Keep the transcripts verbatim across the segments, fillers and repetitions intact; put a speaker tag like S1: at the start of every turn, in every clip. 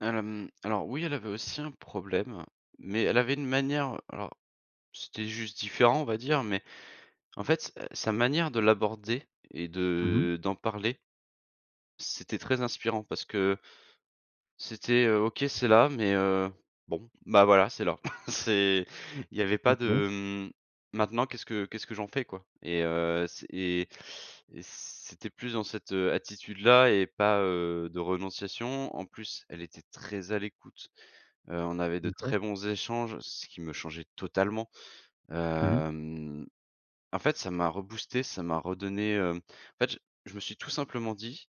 S1: Al hem, alors, oui, elle avait aussi un problème, mais elle avait une manière, alors, c'était juste différent, on va dire, mais, en fait, heu, sa manière de l'aborder et
S2: Mmh mh.
S1: de d'en parler c'était très inspirant parce que, heu, c'était: «OK, c'est là mais, heu, bon, bah voilà, c'est là.», c'est, il y avait pas
S2: OK.
S1: de: «M maintenant qu'est-ce que qu'est ce que j'en fais quoi?» Et, heu, c et et c'était plus dans cette, heu, attitude là et pas, heu, de renonciation. En plus elle était très à l'écoute. Heu, on avait de
S2: D'accord.
S1: très bons échanges, ce qui me changeait totalement.
S2: Mmh mh.
S1: Hem, en fait ça m'a reboosté, ça m'a redonné, hem en fait je je me suis tout simplement dit: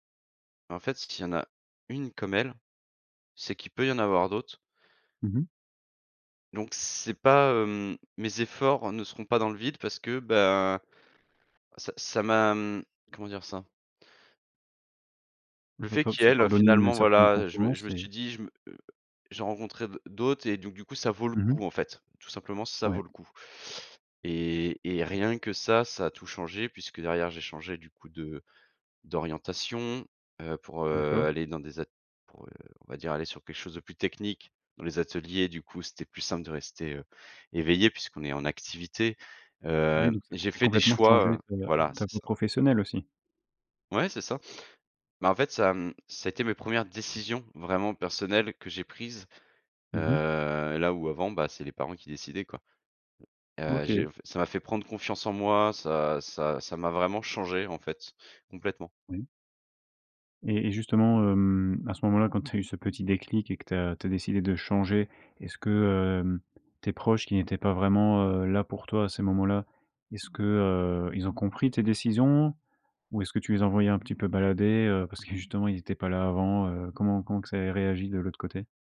S1: «En fait, s'il y en a une comme elle, c'est qu'il peut y en avoir d'autres».
S2: Mmh mh.
S1: Donc c'est pas, hem mes efforts ne seront pas dans le vide parce que, ben, ça ça m'a, hem, comment dire ça? Le fait
S2: [unintelligible]
S1: qui
S2: Ça t'a
S1: elle, heu,
S2: redonné une
S1: finalement
S2: certaine
S1: voilà, heu, je me je
S2: confiance
S1: me
S2: et
S1: suis dit: «Je me j'ai rencontré d d'autres et donc du coup ça vaut le
S2: Mmh mh.
S1: coup, en fait. Tout simplement ça
S2: Ouais.
S1: vaut le coup.» et et rien que ça, ça a tout changé puisque derrière j'ai changé du coup de d'orientation, heu, pour, heu,
S2: D'accord.
S1: aller dans des at pour, heu, on va dire aller sur quelque chose de plus technique, dans les ateliers, du coup, c'était plus simple de rester, heu, éveillé puisqu'on est en activité.
S2: Ah oui,
S1: Hem,
S2: donc ça t'a
S1: j'ai
S2: fait
S1: fait des
S2: complètement changer
S1: choix, heu
S2: ta
S1: voilà
S2: ta
S1: c'est
S2: peau
S1: ça.
S2: professionnelle, aussi.
S1: Ouais c'est ça, mais en fait ça m ça a été mes premières décisions vraiment personnelles que j'ai prises.
S2: Mmh mh.
S1: Heu, là où avant, bah, c'est les parents qui décidaient, quoi. Heu,
S2: OK.
S1: j'ai v ça m'a fait prendre confiance en moi. Ça ça ça m'a vraiment changé, en fait. Complètement.
S2: Oui. Et et justement, hem, à ce moment-là quand tu as eu ce petit déclic et que tu as tu as décidé de changer, est-ce que, hem, tes proches qui n'étaient pas vraiment, heu, là pour toi à ces moments-là, est-ce que, heu, ils ont compris tes décisions? Ou est-ce tu les envoyais un petit peu balader? Heu, parce que justement, ils étaient pas là avant. Heu, comment comment que ça ait réagi de l'autre côté?